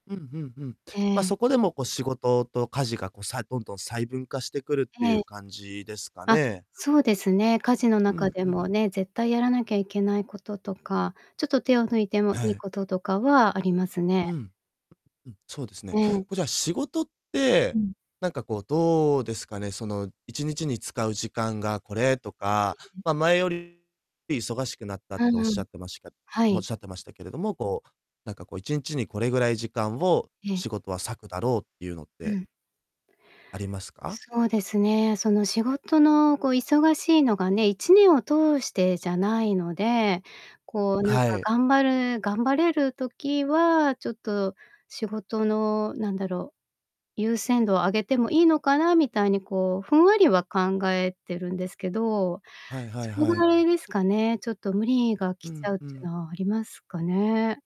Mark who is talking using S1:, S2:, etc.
S1: うんうんうん。ま、
S2: ええ。
S1: そこでもこう、仕事と家事がこう、さどんどん細分化してくるって
S2: え
S1: い
S2: え。
S1: う感じですか
S2: あ、
S1: ね。
S2: そうですね。家事の
S1: う
S2: 中
S1: ん
S2: で
S1: うん。
S2: もね、絶対やらなきゃいけないこととか、ちょっと手を抜いても
S1: は
S2: いい
S1: い。
S2: こととかはありますね。
S1: うん。うんうん、そうですね。
S2: え
S1: こ
S2: え。
S1: れじゃあ仕事って、
S2: うん。
S1: なんかこう、どうですかね、その、1日に使う時間がこれとか、ま、前より忙しくなったって
S2: うんう
S1: 仰
S2: ん。
S1: ってました
S2: はい。
S1: 仰ってましたけれども、こう、なんかこう、1日にこれぐらい時間を
S2: ええ。
S1: 仕事は割くだろうっていうのっ
S2: う
S1: て
S2: ん。
S1: ありますか？
S2: そうですね。その、仕事のこう、忙しいのがね、1年を通してじゃないので、こう
S1: あ、
S2: なん
S1: は
S2: か、
S1: い。
S2: 頑張る頑張れる時は、ちょっと仕事の何だろう、優先度を上げてもいいのかなみたいにこう、ふんわりは考えてるんですけど、
S1: はいは
S2: そ
S1: い
S2: れ
S1: は
S2: は
S1: い。
S2: あれですかね。ちょっと無理が
S1: う
S2: 来ち
S1: ん、
S2: ゃうっ
S1: う
S2: ていう
S1: ん。
S2: のはありますかね。